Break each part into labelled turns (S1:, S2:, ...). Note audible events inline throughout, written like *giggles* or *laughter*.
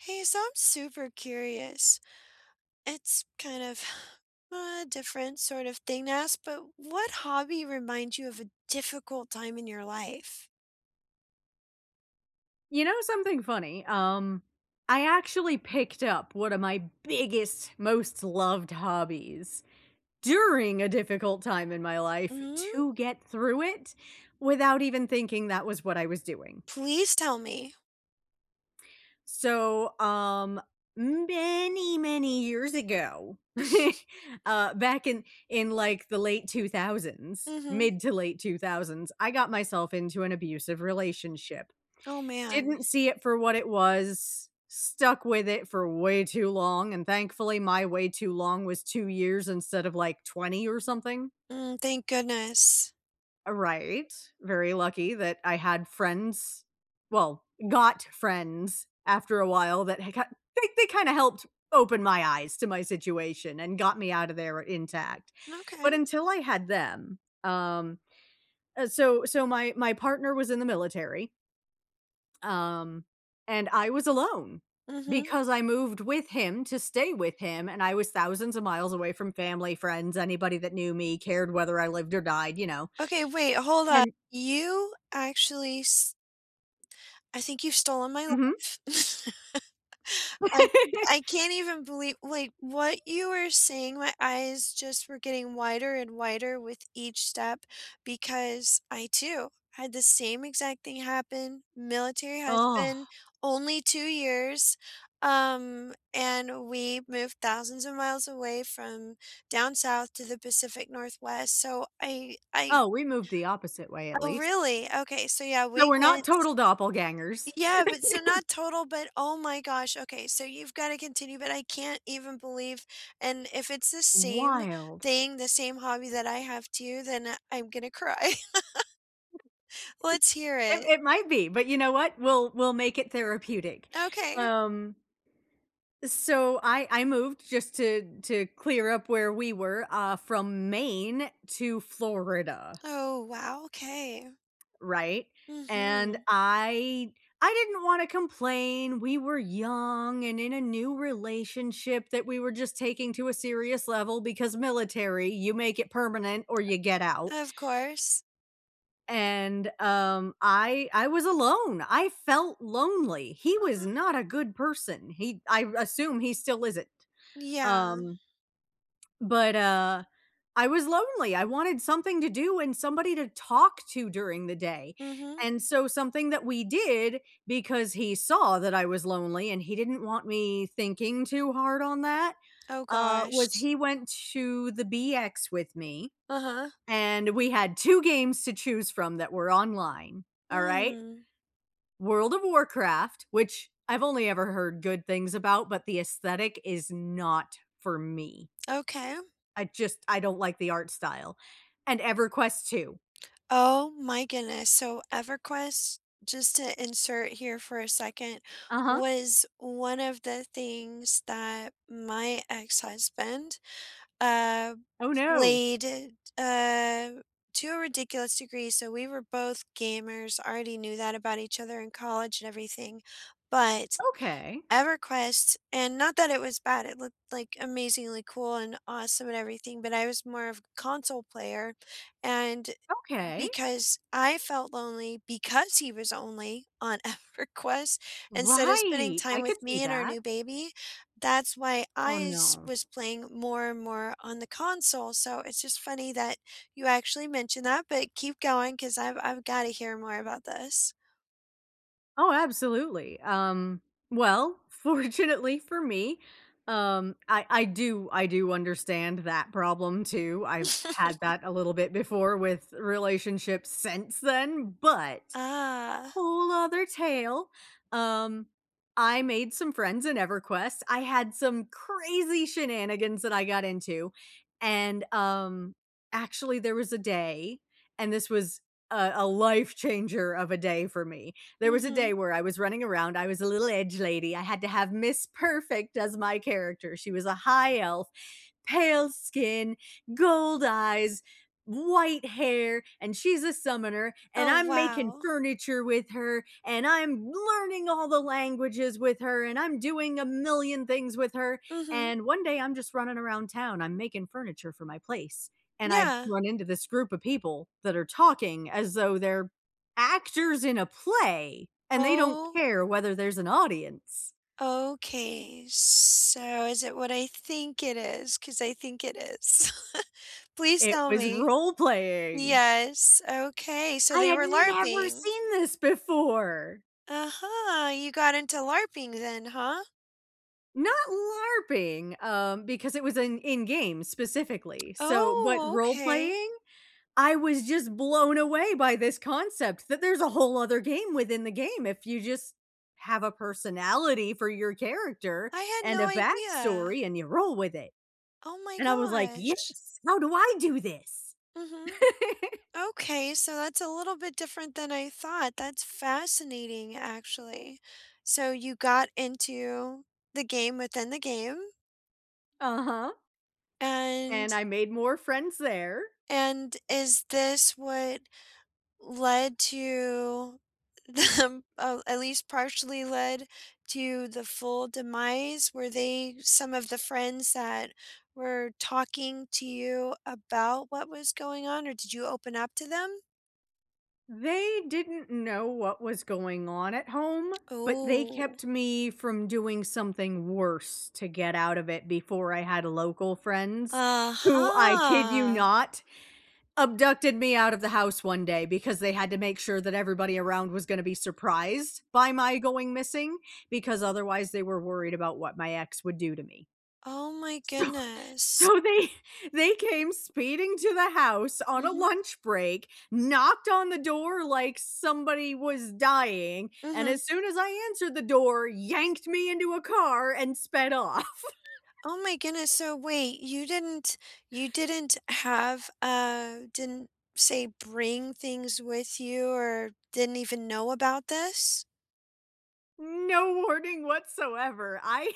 S1: Hey, so I'm super curious. It's kind of *inhales* a different sort of thing to ask, but what hobby reminds you of a difficult time in your life?
S2: You know something funny, um, I actually picked up one of my biggest, most loved hobbies during a difficult time in my life
S1: Mm.
S2: to get through it without even thinking that was what I was doing.
S1: Please tell me.
S2: So, um, many, many years ago, *chuckles*
S1: *chuckles*
S2: uh, back in in like, the late 2000s,
S1: Mhm.
S2: mid to late 2000s, I got myself into an abusive relationship.
S1: Oh, man.
S2: Didn't see it for what it was, stuck with it for way too long, and thankfully my way too long was 2 years instead of like 20 or something.
S1: Mm, thank goodness.
S2: A right, very lucky that I had friends. Well, got friends after a while that had ki they they kinda helped open my eyes to my situation and got me out of there intact.
S1: Okay.
S2: But until I had them, um, uh, so so my my partner was in the military um, and I was alone
S1: Mhm.
S2: because I moved with him to stay with him, and I was thousands of miles away from family, friends, anybody that knew me, cared whether I lived or died, you know
S1: Okay, wait, hold on.
S2: and
S1: You actually s I think you've stolen my
S2: Mhm.
S1: life. *laughs* I ca I
S2: *laughs*
S1: can't even believe like what you were saying, my eyes just were getting wider and wider with each step because I too had the same exact thing happen, Military
S2: Ugh.
S1: husband, only 2 years, um, and we moved thousands of miles away from down south to the Pacific Northwest. So I I
S2: Oh, we moved the opposite way at
S1: Oh
S2: least.
S1: really, okay, so yeah,
S2: So
S1: we
S2: we're not
S1: went
S2: total doppelgangers. *laughs*
S1: Yeah, but so not total, but oh my gosh, okay so you've gotta continue, but I can't even believe and if it's the same
S2: Wild.
S1: thing, the same hobby that I have too, then I I'm gonna cry. *laughs*
S2: *giggles*
S1: Let's hear
S2: It
S1: it.
S2: it might be, but you know what, we'll we'll make it therapeutic,
S1: Okay.
S2: um So I I moved just to to clear up where we were, uh, from Maine to Florida.
S1: Oh, wow, okay.
S2: Right? And
S1: Mhm.
S2: I I didn't wanna complain, we were young and in a new relationship that we were just taking to a serious level because military, you make it permanent or you get out.
S1: Of course.
S2: And, um, I I was alone. I felt lonely. He was
S1: Mhm.
S2: not a good person. He I assume he still isn't.
S1: Yeah.
S2: Um But, uh I was lonely, I wanted something to do and somebody to talk to during the day,
S1: Mhm.
S2: and so something that we did because he saw that I was lonely and he didn't want me thinking too hard on that,
S1: Oh
S2: uh, was
S1: gosh.
S2: he went to the BX with me,
S1: Uh-huh.
S2: and we had 2 games to choose from that were online. Alright?
S1: Mm.
S2: World of Warcraft, which I've only ever heard good things about, but the aesthetic is not for me.
S1: Okay.
S2: I just I don't like the art style And EverQuest II.
S1: Oh my goodness. So EverQuest just to insert here for a second,
S2: Uh-huh.
S1: was one of the things that my ex-husband, uh,
S2: Oh, no.
S1: played, uh to a ridiculous degree, so we were both gamers, already knew that about each other in college and everything. But
S2: Okay.
S1: EverQuest and not that it was bad. It looked, like, amazingly cool and awesome and everything, but I was more of a console player. And
S2: Okay.
S1: because I felt lonely because he was only on EverQuest instead of spending
S2: Right!
S1: time
S2: I could
S1: with
S2: see
S1: me and our
S2: that.
S1: new baby, that's why I
S2: Oh,
S1: s
S2: no.
S1: was playing more and more on the console, so it's just funny that you actually mentioned that, but keep going 'cause I've I've gotta hear more about this.
S2: Oh, absolutely, um, well, fortunately for me, um, I I do I do understand that problem, too. I've had
S1: *chuckles*
S2: that a little bit before with relationships since then, but,
S1: Ah.
S2: whole other tale, um, I made some friends in Everquest, I had some crazy shenanigans that I got into. And, um, actually, there was a day, and this was, a a life changer of a day for me. There was a
S1: Mhm.
S2: day where I was running around, I was a little edge lady, I had to have miss perfect as my character, she was a high elf, pale skin, gold eyes, white hair, and she's a summoner, and
S1: Oh,
S2: I'm making
S1: wow!
S2: furniture with her, and I'm learning all the languages with her, and I'm doing a million things with her,
S1: Mhm.
S2: and one day, I'm just running around town, I'm making furniture for my place, and I
S1: Yeah.
S2: run into this group of people, that are talking as though they're actors in a play, and they don't
S1: Oh.
S2: care whether there's an audience.
S1: Okay, so, is it what I think it is? 'Cause I think it is *chuckles* Please
S2: It
S1: tell
S2: was
S1: me.
S2: role playing.
S1: Yes, okay, so
S2: I
S1: they
S2: had
S1: were
S2: never
S1: LARPing.
S2: seen this before.
S1: Uh-huh. You got into LARPing then, huh?
S2: Not LARPing, um, because it was an in-game specifically. So what
S1: Oh,
S2: role
S1: okay.
S2: playing I was just blown away by this concept that there's a whole other game within the game if you just have a personality for your character
S1: I had
S2: and
S1: no
S2: a
S1: idea.
S2: backstory and you roll with it.
S1: Oh my
S2: And I was, like,
S1: gosh.
S2: "Yes! How do I do this?"
S1: Mhm.
S2: *giggles*
S1: Okay. So, that's a little bit different than I thought, that's fascinating, actually. So, you got into the game within the game.
S2: Uh-huh.
S1: And
S2: And I made more friends there.
S1: and is this what led to them uh, at least partially led, to the full demise? Were they some of the friends that were talking to you about what was going on, or did you open up to them?
S2: They didn't know what was going on at home, but they
S1: Ooh.
S2: kept me from doing something worse to get out of it before I had local friends, who, I kid you
S1: Uh-huh.
S2: not, abducted me out of the house one day because they had to make sure that everybody around was gonna be surprised by my going missing because otherwise they were worried about what my ex would do to me.
S1: Oh my
S2: So,
S1: goodness.
S2: so they, they came speeding to the house on a
S1: Mhm.
S2: lunch break, knocked on the door like somebody was dying, and
S1: Mhm.
S2: as soon as I answered the door, yanked me into a car and sped off. *laughs*
S1: Oh my goodness. So, wait, you didn't you didn't have, uh didn't say, bring things with you or didn't even know about this?
S2: No warning whatsoever. I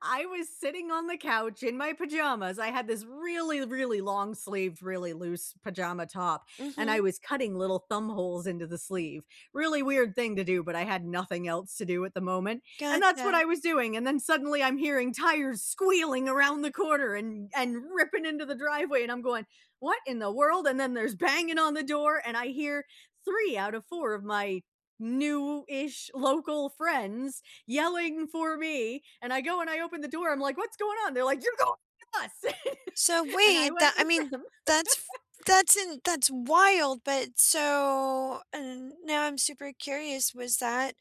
S2: I was sitting on the couch in my pajamas. I had this really, really long sleeved, really loose pajama top, and I
S1: Mhm.
S2: was cutting little thumb holes into the sleeve. Really weird thing to do, but I had nothing else to do at the moment, and that's what
S1: Gotcha.
S2: I was doing, and then suddenly I'm hearing tires squealing around the corner and and ripping into the driveway, and I'm going, "What in the world?" And then there's banging on the door, and I hear 3 out of 4 of my new-ish local friends yelling for me, and I go and I open the door, I'm, like, "What's going on?" They're, like, "You're going with us," *chuckles*
S1: So,
S2: and I
S1: wait,
S2: went
S1: the I
S2: with
S1: mean,
S2: them.
S1: that's f
S2: *chuckles*
S1: that's in that's wild, but so, and now I'm super curious, was that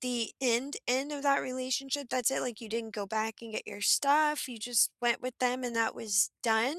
S1: the end, end of that relationship? That's it? Like, you didn't go back and get your stuff? You just went with them and that was done?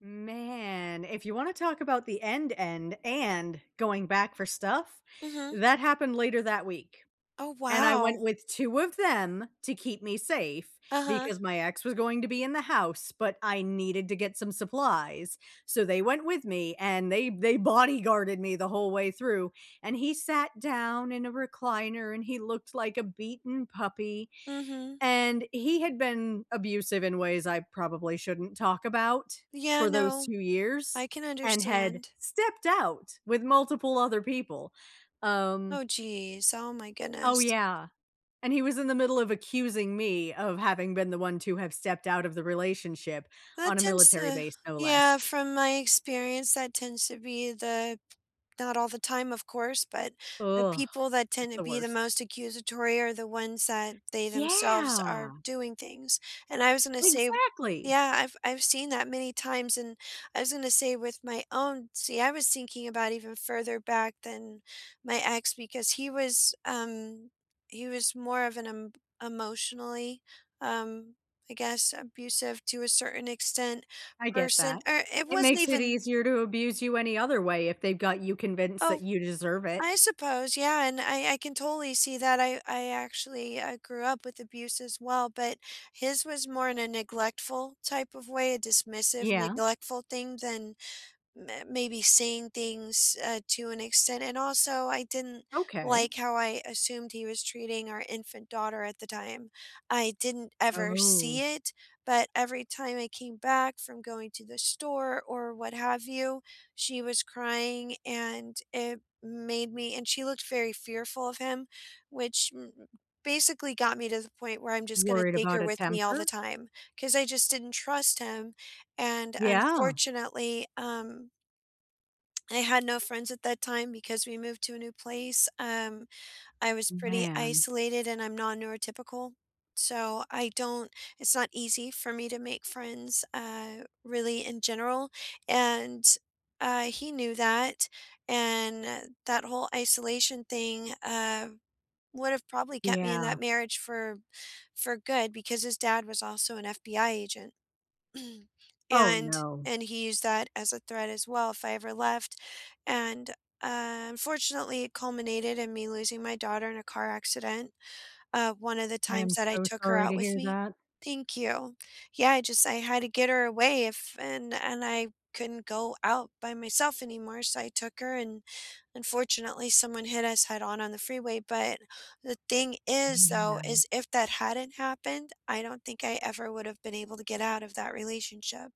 S2: Man, if you wanna talk about the end end and going back for stuff,
S1: Mhm.
S2: that happened later that week,
S1: Oh,
S2: and I went
S1: wow.
S2: with 2 of them to keep me safe
S1: Uh-huh.
S2: because my ex was going to be in the house, but I needed to get some supplies. So, they went with me and they they bodyguarded me the whole way through, and he sat down in a recliner and he looked like a beaten puppy,
S1: Mhm.
S2: and he had been abusive in ways I probably shouldn't talk about
S1: Yeah
S2: for those
S1: No,
S2: 2 years
S1: I can
S2: and had
S1: understand.
S2: stepped out with multiple other people, um
S1: Oh, jeez. Oh my
S2: Oh,
S1: goodness.
S2: yeah, and he was in the middle of accusing me of having been the one to have stepped out of the relationship,
S1: That
S2: on a
S1: tends
S2: military
S1: to
S2: base, no less.
S1: Yeah, from my experience, that tends to be the not all the time, of course, but the people
S2: *groans*
S1: that
S2: It's
S1: tend to
S2: the
S1: be the
S2: worst.
S1: most accusatory are the ones that they themselves are
S2: Yeah!
S1: doing things, and I was gonna say
S2: Exactly.
S1: Yeah, I've I've seen that many times, and I was gonna say with my own See, I was thinking about even further back than my ex because he was, um he was more of an em emotionally, um, I guess, abusive- to a certain extent-
S2: I get
S1: person,
S2: that.
S1: or it
S2: It
S1: wasn't
S2: makes it
S1: even
S2: easier to abuse you any other way if they've got you convinced
S1: Oh!
S2: that you deserve it.
S1: I suppose yeah And I I can totally see that, I I actually I grew up with abuse as well, but his was more in a neglectful type of way, a dismissive,
S2: Yeah.
S1: neglectful thing than m maybe saying things, uh, to an extent And, also, I didn't
S2: Okay.
S1: like how I assumed he was treating our infant daughter at the time. I didn't ever see
S2: Oh.
S1: it, but every time I came back from going to the store or what have you, she was crying, and it made me and she looked very fearful of him, which basically got me to the point where I'm just gonna
S2: Worried
S1: take
S2: about
S1: her
S2: a
S1: with me all the
S2: temper?
S1: time 'cause I just didn't trust him, and,
S2: Yeah.
S1: unfortunately, um, *smacks lips* I had no friends at that time because we moved to a new place, um, I was pretty
S2: Man.
S1: isolated, and I'm non-neurotypical. So, I don't it's not easy for me to make friends, uh, really, in general, and, uh, he knew that, and that whole isolation thing, uh, would have probably kept me in
S2: Yeah.
S1: that marriage for for good because his dad was also an FBI agent, *clears throat*
S2: Oh,
S1: and
S2: no.
S1: and he used that as a threat as well if I ever left, and, uh, unfortunately, it culminated in me losing my daughter in a car accident, um, one of the
S2: I am
S1: times that I
S2: so
S1: took her
S2: sorry
S1: out
S2: to
S1: with
S2: hear
S1: me.
S2: that.
S1: Thank you. Yeah, I just I had to get her away if and and I couldn't go out by myself anymore, so I took her, and, unfortunately, someone hit us head-on on the freeway, but the thing is, though
S2: Man.
S1: is if that hadn't happened, I don't think I ever would have been able to get out of that relationship,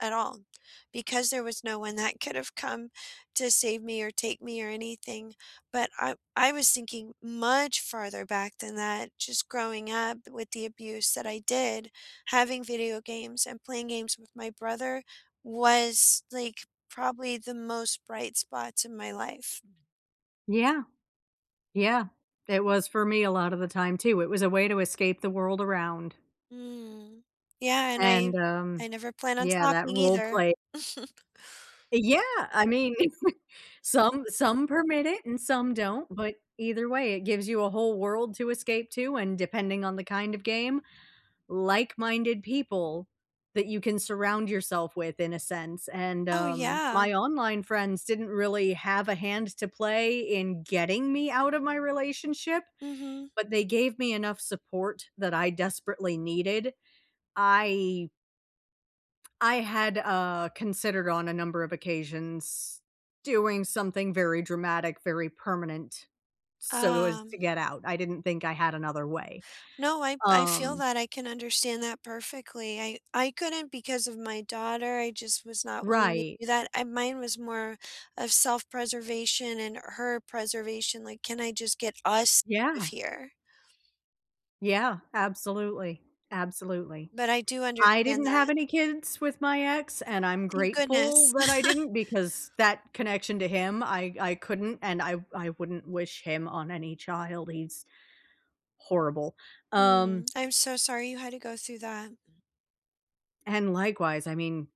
S1: at all, because there was no one that could have come to save me or take me or anything, but I I was thinking much farther back than that just growing up with the abuse that I did, having video games and playing games with my brother was, like, probably the most bright spots in my life.
S2: Yeah. Yeah. It was for me a lotta the time too, it was a way to escape the world around.
S1: Mm. Yeah, and
S2: And,
S1: I
S2: um
S1: I never plan on
S2: yeah, that
S1: stopping either.
S2: roleplay.
S1: *chuckles*
S2: Eh yeah. I mean, some some permit it and some don't, but either way, it gives you a whole world to escape to, and depending on the kind of game like minded people that you can surround yourself with in a sense. and,
S1: Oh,
S2: um
S1: yeah.
S2: my online friends didn't really have a hand to play in getting me out of my relationship,
S1: Mhm.
S2: but they gave me enough support that I desperately needed. I I had, uh considered on a number of occasions doing something very dramatic, very permanent so as
S1: Ah.
S2: to get out. I didn't think I had another way,
S1: No. I I feel
S2: um
S1: that, I can understand that perfectly. I I couldn't because of my daughter, I just was not willing to
S2: Right.
S1: do that. I mine was more of self preservation and her preservation, like, "Can I just get us out of
S2: Yeah.
S1: here?"
S2: Yeah. Absolutely. Absolutely.
S1: But I do
S2: I
S1: understand
S2: didn't have
S1: that.
S2: any kids with my ex, and I'm
S1: Thank
S2: grateful
S1: goodness.
S2: that
S1: *laughs*
S2: I didn't, because that connection to him, I I couldn't, and I I wouldn't wish him on any child, he's horrible.
S1: Mm,
S2: Um
S1: I'm so sorry you had to go through that. Mm.
S2: and likewise, I mean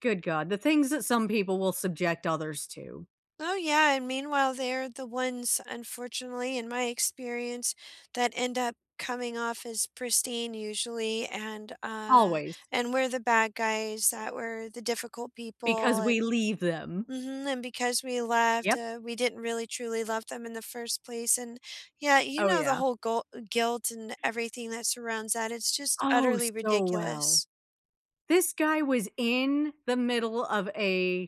S2: good god, the things that some people will subject others to.
S1: Oh, yeah, and meanwhile, they're the ones, unfortunately, in my experience, that end up coming off as pristine usually, and, uh,
S2: Always.
S1: and we're the bad guys that were the difficult people,
S2: Because we
S1: and
S2: leave them.
S1: Mhm, and because we left,
S2: Yep.
S1: uh, we didn't really truly love them in the first place. And, yeah, you
S2: Oh,
S1: know, the
S2: yeah.
S1: whole gol guilt, and everything, that surrounds that, it's just
S2: Oh,
S1: utterly
S2: so well.
S1: ridiculous.
S2: This guy was in the middle of a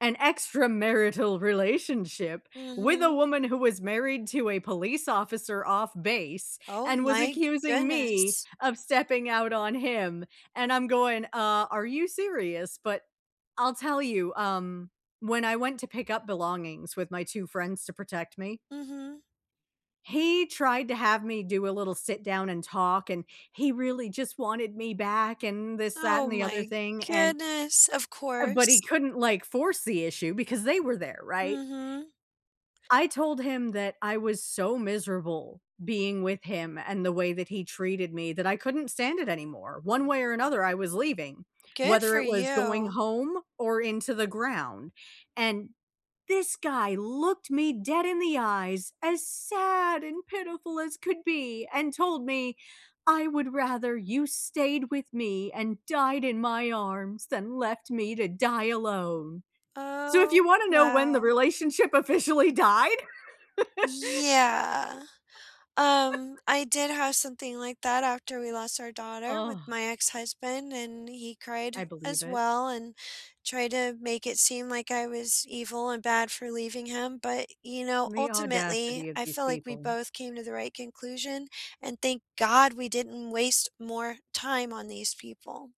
S2: an extramarital relationship with a
S1: Mhm.
S2: woman who was married to a police officer off base,
S1: Oh
S2: and was
S1: my
S2: accusing me
S1: goodness.
S2: of stepping out on him and I'm going, "Uh, are you serious?" But I'll tell you, um, when I went to pick up belongings, with my 2 friends to protect me
S1: Mhm.
S2: he tried to have me do a little sit down and talk, and he really just wanted me back and this, that, and
S1: Oh
S2: the other
S1: my
S2: thing, and
S1: goodness. Of
S2: Uh, but he
S1: course.
S2: couldn't, like, force the issue because they were there, right?
S1: Mhm.
S2: I told him that I was so miserable being with him, and the way that he treated me, that I couldn't stand it anymore. One way or another, I was leaving,
S1: Good
S2: whether
S1: for
S2: it was going
S1: you.
S2: home, or into the ground. And this guy looked me dead in the eyes, as sad and pitiful as could be and told me, "I would rather you stayed with me and died in my arms, than left me to die alone." So, if you
S1: Oh,
S2: wanna know when the
S1: wow.
S2: relationship officially died?
S1: Yeah, um,
S2: *laughs*
S1: I did have something like that after we lost our daughter with
S2: Ugh.
S1: my ex-husband, and he cried,
S2: I believe
S1: as
S2: it.
S1: well, and tried to make it seem like I was evil and bad for leaving him, but, you know,
S2: The
S1: ultimately,
S2: audacity of
S1: I
S2: these
S1: feel like we
S2: people.
S1: both came to the right conclusion, and thank god we didn't waste more time on these people.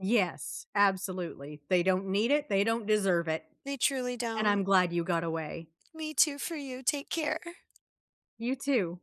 S2: Yes, absolutely. They don't need it. They don't deserve it.
S1: They truly
S2: And I'm
S1: don't.
S2: glad you got away.
S1: Me, too, for you. Take care.
S2: You, too.